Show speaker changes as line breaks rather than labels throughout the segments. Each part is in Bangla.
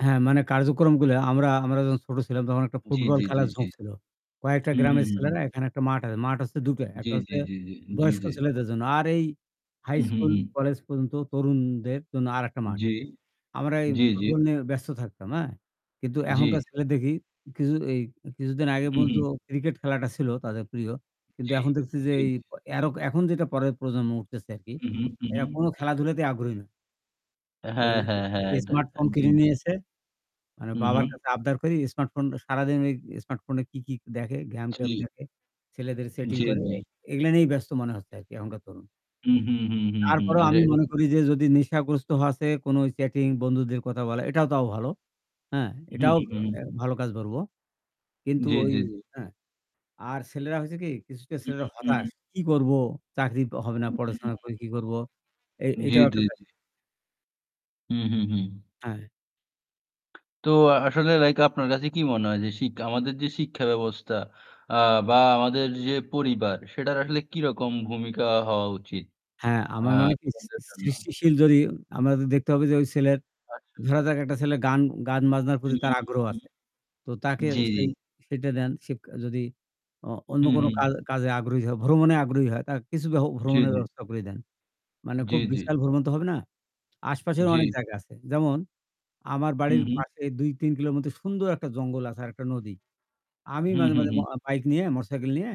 হ্যাঁ মানে কার্যক্রমগুলা আমরা আমরা যখন ছোট ছিলাম তখন একটা
জ্বী,
ফুটবল
জ্বী, জ্বী,
খেলার
জ্বী।
ঝোঁক ছিল। কয়েকটা
হু, হু,
গ্রামের
হু, হু।
ছেলেরা এখানে একটা মাঠ আছে। মাঠ হচ্ছে দুটা। ১
জ্বী,
টা
জ্বী,
হচ্ছে
জ্বী, জ্বী, জ্বী,
বয়স্ক
জ্বী।
ছেলেদের জন্য। আর এই হাই
হু, হু,
স্কুল
হু।
কলেজ পর্যন্ত তরুণদের জন্য আরেকটা মাঠ।
জ্বি,
আমরা এই
জ্বি, জ্বি।
ফুটবল নিয়ে ব্যস্ত থাকতাম, হ্যাঁ? কিন্তু
জ্বি।
এখনকার ছেলে দেখি কিছু এই কিছুদিন আগে
হুম,
পর্যন্ত
হুম।
ক্রিকেট খেলাটা ছিল তাদের প্রিয়। কিন্তু
জ্বী,
এখন দেখছি যে
জ্বী।
এই প এর ও এখন যেটা পরের প্রজন্ম উঠতেছে আরকি
হুম, হুম, হুম,
এরা
হুম।
কোনো খেলাধুলাতে আগ্রহী না ঐ
হ্যাঁ, হ্যাঁ, হ্যাঁ, এটা
স্মার্টফোন
জ্বি,
কিনে
জ্বি।
নিয়েছে। মানে
হু,
বাবার
হু।
কাছে আবদার করি স্মার্টফোন সারাদিন ওই স্মার্টফোনে কি, কি দেখে, game- ট্যাম
[unintelligible]
দেখে ছেলেদের সেটিং
জ্বী,
করে
জ্বী।
এগুলা নিয়েই ব্যস্ত মনে হচ্ছে আরকি এখনকার তরুণ।
হু, হু, হু, হু, হু।
তারপরেও
এটা
আমি মনে
[unintelligible]
করি যে যদি নেশাগ্রস্ত হওয়ারচে কোনো চ্যাটিং বন্ধুদের কথা বলা, এটাও তাও ভালো। হ্যাঁ?
হুম,
এটাও
হুম, হুম।
এ ভালো কাজ বলবো।
জ্বী,
কিন্তু
জ্বী,
ওই
জ্বী।
আ আর ছেলেরা হয়েছে কি কিছুটা
হুম,
ছেলেরা
হুম,
হতাশ
হুম।
কি করব চাকরি প হবে না
হু, হুম, হুম।
পড়াশোনা করে কি করব এ
জ্বী,
এইটাও একটা
জ্বী,
বেস
জ্বী। হুম, হুম, হুম।
হ্যাঁ।
তো আ আসলে লাইক আপনার কাছে কি মনে হয় যে শিক আমাদের যে শিক্ষা ব্যবস্থা আ বা আমাদের যে পরিবার সেটার আসলে কিরকম ভূমিকা হওয়া উচিত?
হ্যাঁ
আ
আমার মনে কি স
স্টুডেন্ট দের জন্য।
সৃষ্টিশীল যদি আমাদের দেখতে হবে যে ঐ ছেলের
আচ্ছা।
ধরা যাক একটা ছেলের গান গান বাজনার
উ
প্রতি তার
হুম,
আগ্রহ
হু, হু।
আছে। তো তাকে
জি, জি।
সেই সেটা দেন সেক যদি অ অন্য
হু,
কোনো কা
হু।
কাজে আগ্রহী হয়, ভ্রমণে আগ্রহী হয় তার কিছু ভ
জ্বী,
ভ্রমণের
জ্বী।
ব্যবস্থা করে দেন। মানে
জ্বী,
খুব
জ্বী।
বিশাল ভ্রমণ তো হবে না। আশপাশেরও অনেক
জ্বী।
জায়গা আছে। যেমন আমার
হু,
বাড়ির
হু।
পাশে ২ ৩ কিলোর মতো সুন্দর একটা জঙ্গল আছে আর একটা নদী। আমি
হু,
মাঝে,
হু,
মাঝে
হু।
ম অ বাইক নিয়ে মোটরসাইকেল নিয়ে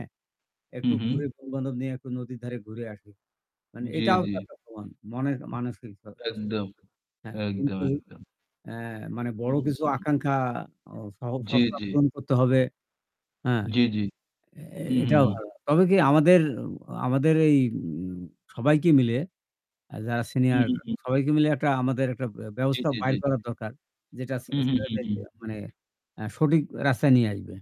একটু
হুম, হুম।
ঘুরে বন্ধু-বান্ধব নিয়ে একটু নদীর ধারে ঘুরে আসি। মানে
জ্বী,
এটাও
জ্বী।
তো একটা ভ্রমন মনে মানসিক স সছ
একদম,
হ্যাঁ,
একদম,
কিন্তু
একদম।
এ মানে বড়
হুম। উ
কিছু
হু।
আকাঙ্খা। আ স
জ্বী,
[unintelligible]
জ্বী।
পূরণ করতে হবে। হ্যাঁ
জ্বি, জ্বি।
এ এ
হুঁ, হুঁ,
এটাও
হুঁ।
[unintelligible] তবে কি আমাদের, আমাদের এই উ সবাইকে মিলে আ যারা
হু,
সিনিয়র
হু, হু।
সবাইকে মিলে একটা আমাদের একটা বে
জ্বী,
ব্যবস্থা
জ্বী,
বাইর
জ্বী।
করা দরকার। যেটা ছে
হু, হু, হু,
ছেলেদের
হু।
মানে এ সঠিক রাস্তায় নিয়ে আসবে।